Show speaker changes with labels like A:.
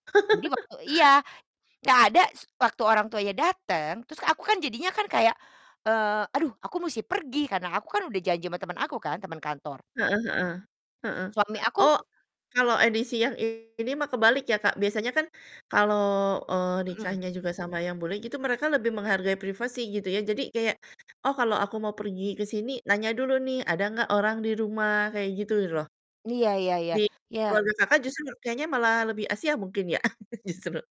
A: Jadi waktu iya, nggak ada, s waktu orang tuanya dateng, terus aku kan jadinya kan kayak, eee, "Aduh, aku musti pergi, karena aku kan udah janji sama temen aku kan, temen kantor."
B: Heeh heeh. Heeh.
A: Suami aku
B: Oh, kalo edisi yang ini mah kebalik ya Kak, biasanya kan kalo, eee,
A: Hmm.
B: nikahnya juga sama yang bule gitu, mereka lebih menghargai privasi gitu ya. Jadi kayak, oh, kalo aku mau pergi ke sini, nanya dulu nih, "Ada nggak orang di rumah," kayak gitu loh.
A: Iya iya iya.
B: Di
A: Iya.
B: keluarga Kakak justru kayaknya malah lebih Asia mungkin ya? Justru.